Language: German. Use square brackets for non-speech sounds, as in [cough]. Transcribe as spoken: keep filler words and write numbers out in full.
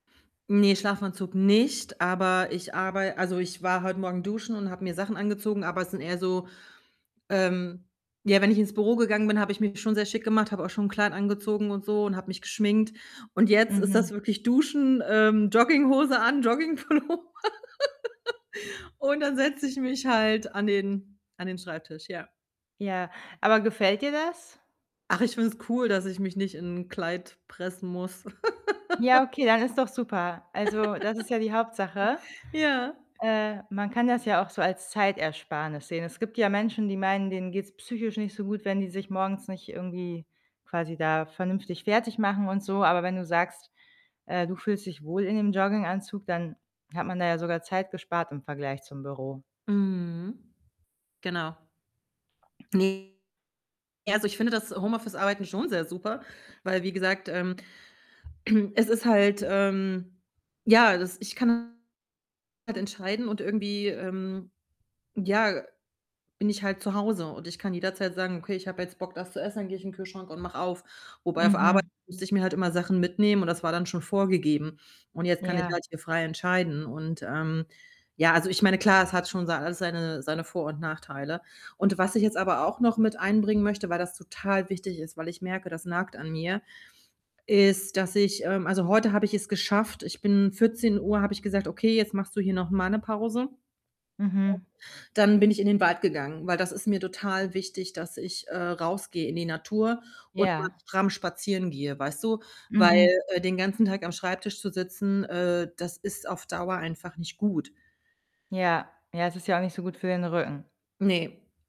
Ne, Schlafanzug nicht, aber ich arbei also, ich war heute Morgen duschen und habe mir Sachen angezogen, aber es sind eher so, ähm ja, wenn ich ins Büro gegangen bin, habe ich mich schon sehr schick gemacht, habe auch schon 'n Kleid angezogen und so und habe mich geschminkt und jetzt ist Mhm. das wirklich Duschen, ähm, Jogginghose an, Jogging-Pullover [laughs] und dann setze ich mich halt an den an den Schreibtisch, ja. Ja, aber gefällt dir das? Ach, ich finde es cool, dass ich mich nicht in 'n Kleid pressen muss. Ja, okay, [laughs] dann ist doch super. Also, das ist ja die Hauptsache. [laughs] Ja. Äh, man kann das ja auch so als Zeitersparnis sehen. Es gibt ja Menschen, die meinen, denen geht‘s psychisch nicht so gut, wenn die sich morgens nicht irgendwie quasi da vernünftig fertigmachen und so, aber wenn du sagst, äh, du fühlst dich wohl in dem Jogginganzug, dann hat man da ja sogar Zeit gespart im Vergleich zum Büro. Mhm. Genau. Ne, also ich finde das Homeoffice-Arbeiten schon sehr super, weil wie gesagt ähm, [clears throat] es ist halt ähm, ja, das ich kann [unintelligible] halt entscheiden und irgendwie, ähm, ja, bin ich halt zu Hause und ich kann jederzeit sagen: „Okay, ich habe jetzt Bock, das zu essen, dann gehe ich in Kühlschrank und mache auf.” Wobei auf Arbeit Mhm. musste ich mir halt immer Sachen mitnehmen und das war dann schon vorgegeben und jetzt kann ich Ja. halt hier frei entscheiden, und ähm ja, also ich meine, klar, es hat schon sei alles seine seine Vor und Nachteile und was ich jetzt aber auch noch mit einbringen möchte, weil das total wichtig ist, weil ich merke, das nagt an mir, ist, dass ich ähm, also heute habe ich es geschafft, ich bin vierzehn Uhr habe ich gesagt: „Okay, jetzt machst du hier noch mal ‘ne Pause.” Mhm. [unintelligible] dann bin ich in den Wald gegangen, weil das ist mir total wichtig, dass ich, äh, rausgehe in die Natur und mal Ja. stramm spazieren gehe, weißt du? Weil, Mhm. äh, den ganzen Tag am Schreibtisch zu sitzen, äh, das ist auf Dauer einfach nicht gut. Ja. Ja, es ist ja auch nicht so gut für den Rücken. Ne.